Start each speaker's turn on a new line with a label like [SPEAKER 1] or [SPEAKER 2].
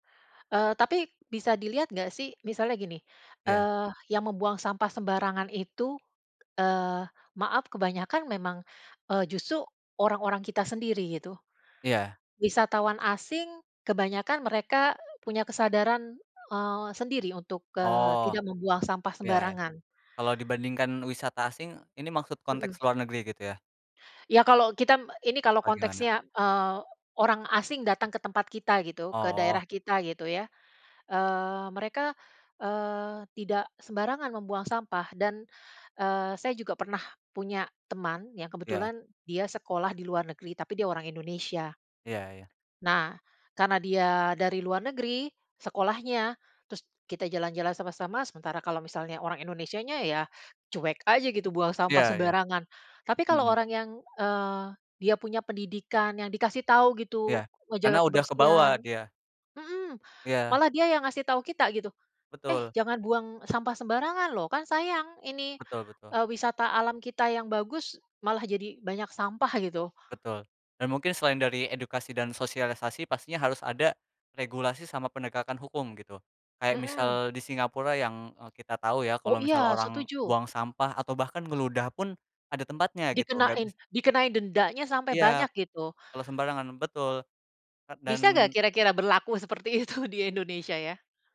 [SPEAKER 1] Eee, tapi bisa dilihat enggak sih, misalnya gini,
[SPEAKER 2] Iya.
[SPEAKER 1] eee, yang membuang sampah sembarangan itu, eee, maaf kebanyakan memang eee, justru orang-orang kita sendiri, gitu.
[SPEAKER 2] Iya.
[SPEAKER 1] Wisatawan asing kebanyakan mereka punya kesadaran eee, sendiri untuk eee,
[SPEAKER 2] Oh,
[SPEAKER 1] tidak membuang sampah
[SPEAKER 2] ya.
[SPEAKER 1] sembarangan.
[SPEAKER 2] Kalau dibandingkan wisata asing ini maksud
[SPEAKER 1] Mhm.
[SPEAKER 2] konteks luar negeri gitu ya?
[SPEAKER 1] Ya kalau kita, ini kalau
[SPEAKER 2] Apa gimana?
[SPEAKER 1] konteksnya eee, orang asing datang ke tempat kita gitu, ke
[SPEAKER 2] Oh.
[SPEAKER 1] daerah kita gitu ya. Eee, mereka eee, tidak sembarangan membuang sampah. Dan eee, saya juga pernah punya teman yang
[SPEAKER 2] Iya.
[SPEAKER 1] kebetulan dia sekolah di luar negeri, tapi dia orang Indonesia.
[SPEAKER 2] Iya ya.
[SPEAKER 1] Nah, karena dia dari luar negeri, sekolahnya, terus kita jalan-jalan sama-sama, sementara kalau misalnya orang Indonesianya, ya cuek aja gitu buang sampah
[SPEAKER 2] Iya ya.
[SPEAKER 1] sembarangan. Tapi kalau
[SPEAKER 2] Mhm.
[SPEAKER 1] orang yang eee, dia punya pendidikan yang dikasih tahu gitu,
[SPEAKER 2] Iya, karena
[SPEAKER 1] ngejaga
[SPEAKER 2] udah kebawa
[SPEAKER 1] kebersihan
[SPEAKER 2] dia.
[SPEAKER 1] mhm,
[SPEAKER 2] Iya.
[SPEAKER 1] malah dia yang ngasih tahu kita gitu, "eh
[SPEAKER 2] Betul
[SPEAKER 1] jangan buang sampah sembarangan loh. Kan sayang, ini
[SPEAKER 2] Betul, betul.
[SPEAKER 1] eee, wisata alam kita yang bagus, malah jadi banyak sampah" gitu.
[SPEAKER 2] Betul, dan mungkin selain dari edukasi dan sosialisasi pastinya harus ada, regulasi sama penegakan hukum gitu. Kayak misal
[SPEAKER 1] Mhm.
[SPEAKER 2] di Singapura yang eee, kita tahu ya
[SPEAKER 1] Oh,
[SPEAKER 2] kalau misalnya
[SPEAKER 1] iya
[SPEAKER 2] orang
[SPEAKER 1] setuju.
[SPEAKER 2] buang sampah atau bahkan ngeludah pun ada tempatnya gitu enggak bisa
[SPEAKER 1] Dikenain, dikenain dendanya sampai
[SPEAKER 2] Iya.
[SPEAKER 1] banyak gitu.
[SPEAKER 2] Kalau sembarangan. Betul, eee,
[SPEAKER 1] Bisa enggak
[SPEAKER 2] dan
[SPEAKER 1] kira-kira berlaku seperti itu di Indonesia ya.